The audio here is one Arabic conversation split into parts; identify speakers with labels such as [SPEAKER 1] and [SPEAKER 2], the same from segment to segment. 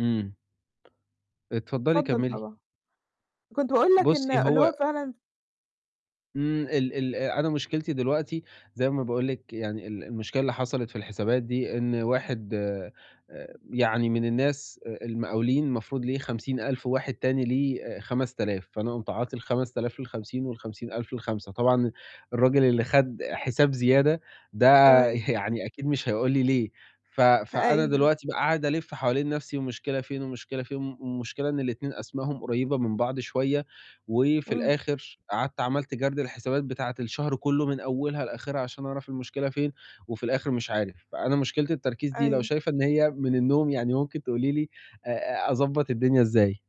[SPEAKER 1] إمم. اتفضّلي
[SPEAKER 2] اتفضّل
[SPEAKER 1] كمّلي.
[SPEAKER 2] طبعًا، كنت باقول لك إن
[SPEAKER 1] بُصّي
[SPEAKER 2] اللي
[SPEAKER 1] هو
[SPEAKER 2] هو فعلًا
[SPEAKER 1] إمم، ال ال أنا مشكلتي دلوقتي زي ما باقول لِك يعني ال المشكلة اللي حصلِت في الحسابات دي إن واحد آآ يعني من الناس آآ المقاولين المفروض ليه 50.000 وواحد تاني ليه آآ 5000، فأنا قُمت عاطي ال5000 لل50 وال50000 لل5، طبعًا الرجل اللي خَد حساب زيادة ده
[SPEAKER 2] تمام.
[SPEAKER 1] يعني أكيد مش هيقول لي ليه، ف
[SPEAKER 2] ه
[SPEAKER 1] فأنا
[SPEAKER 2] أيوه.
[SPEAKER 1] دلوقتي بقى قاعد ألِف حوالين نَفْسي والمشكلة فين والمشكلة فين، م المشكلة إن ال2 أسمائهم قريّبة من بعض شوية، وفي
[SPEAKER 2] إمم.
[SPEAKER 1] الآخر قعدت عملت جَرد للحسابات بتاعة الشهر كلّه من أولها لآخِرها عشان أعرف المشكلة فين وفي الآخِر مش عارف، فأنا مشكلة التركيز دي لو
[SPEAKER 2] أيوه.
[SPEAKER 1] شايفة إن هي من النوم يعني ممكن تقولي لي أ أ أضبّط الدنيا إزاي؟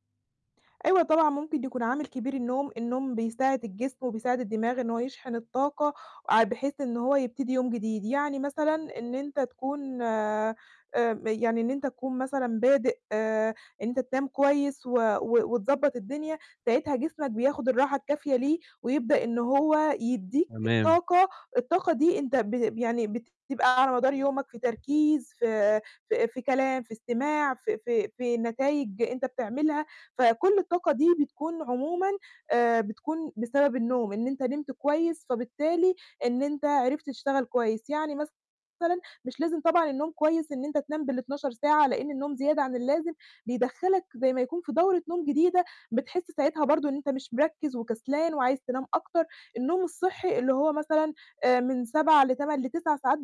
[SPEAKER 2] أيوه طبعًا، ممكن يكون عامل كبير النوم، النوم بيساعد الجسم وبيساعد الدماغ إن هو يشحن الطاقة آآ بحيث إن هو يبتدي يوم جديد، يعني مثلًا إن أنت تكون آآ يعني إن أنت تكون مثلًا بادئ آآ إن أنت تنام كويس و و وتضبّط الدنيا، ساعتها جسمك بياخُد الراحة الكافية ليه ويبدأ إن هو يدّيك
[SPEAKER 1] تمام.
[SPEAKER 2] طاقة، الطاقة دي أنت ب يعني بتبقى على مدار يومك في تركيز، في في في كلام، في استماع، في في في نتايج أنت بتعملها، فكُل الطاقة دي بتكون عمومًا آآ بتكون بسبب النوم، إن أنت نمت كويس، فبالتالي إن أنت عرفت تشتغل كويس، يعني مثلًا مش لازم طبعًا النوم كويس إن أنت تنام بال12 ساعة لأن النوم زيادة عن اللازم بيدخّلك زي ما يكون في دورة نوم جديدة، بتحس ساعتها برضه إن أنت مش مركِّز وكسلان وعايز تنام أكتر، النوم الصحّي اللي هو مثلًا آآ من 7 ل8 ل9 ساعات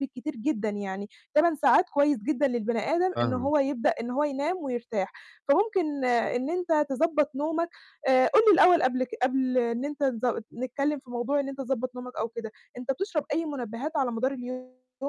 [SPEAKER 2] بالكتير جدًا يعني، 8 ساعات كويس جدًا للبني آدم إن
[SPEAKER 1] فاهمِك.
[SPEAKER 2] هو يبدأ إن هو ينام ويرتاح، فممكن إن أنت تضبّط نومك، آآ قُل لي الأول قبل ك قبل إن أنت تض نتكلّم في موضوع إن أنت تضبَّط نومك أو كده، أنت بتشرب أي مُنبهات على مدار اليوم؟